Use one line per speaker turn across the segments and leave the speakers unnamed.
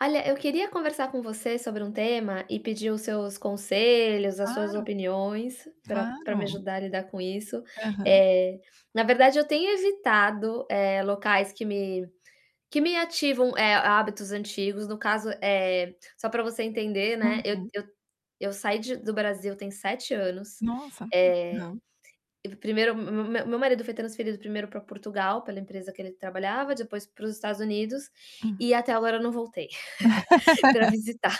Olha eu queria conversar com você sobre um tema e pedir os seus conselhos, as suas
Claro,
opiniões, pra pra me
claro.
ajudar a lidar com isso.
Aham.
Eh, na verdade eu tenho evitado, eh, locais que me, que me ativam, eh, hábitos antigos no caso é, só para você entender
Ah,
né, eu
sim.
eu eu saí de do Brasil tem 7 anos,
Nossa!
eh,
não.
1º me meu marido foi transferido 1º para Portugal pela empresa que ele trabalhava, depois para os Estados Unidos,
Hum.
e até agora eu não voltei, para visitar.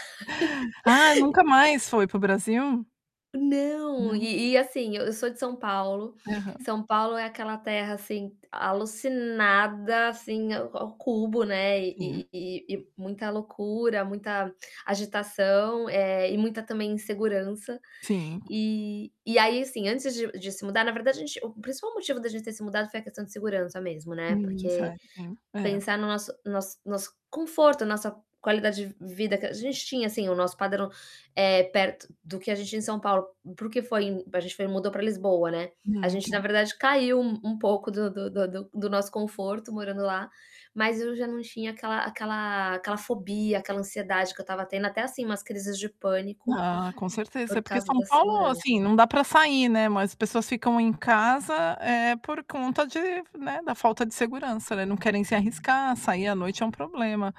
Ah, nunca mais foi para o Brasil?
Não,
Não.
e e assim, eu sou de São Paulo,
Aham.
São Paulo é aquela terra, assim, alucinada, assim, ao cubo, né,
Sim.
e e e muita loucura, muita agitação, eh, e muita, também, insegurança.
Sim.
E e aí, assim, antes de de se mudar na verdade a gente, o principal motivo da gente ter se mudado foi a questão de segurança mesmo, né,
Hum,
porque,
cer sim, é.
pensar no nosso nosso nosso conforto, a nossa qualidade de vida que a gente tinha, assim, o nosso padrão, eh, perto do que a gente tinha em São Paulo, para o que foi a gente foi mudou para Lisboa, né. A gente na
Muito.
verdade caiu um pouco do do do do do nosso conforto morando lá, mas eu já não tinha aquela aquela aquela fobia, aquela ansiedade que eu estava tendo, até, assim, umas crises de pânico,
Ah, com certeza é
por
porque
causa
São
da
Paulo,
segurança.
assim, não dá para sair, né, mas as pessoas ficam em casa é por conta de, né, da falta de segurança não não querem se arriscar, sair à noite é um problema.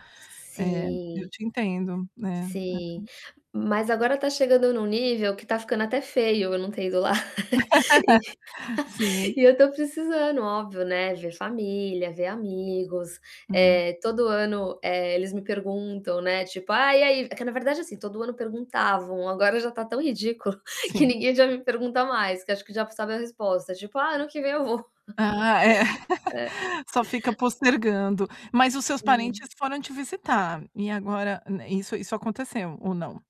Eu
Sim.
te entendo, né.
Sim. Mas agora está chegando em um nível que está ficando até feio, não tenho ido lá. E
Sim.
e eu estou precisando, óbvio, né, ver família, ver amigos.
Hum.
Eh, todo ano, eh, eles me perguntam, né, tipo, "Ah e aí?" É que na verdade, assim, todo ano perguntavam, agora já está tão ridículo, que
Sim.
ninguém já me pergunta mais, que acho que já sabe a resposta ,tipo, "Ah ano que vem eu vou".
Ah, é.
É.
Só fica postergando, mas os seus
Sim.
parentes foram te visitar, e agora, isso isso aconteceu ou não?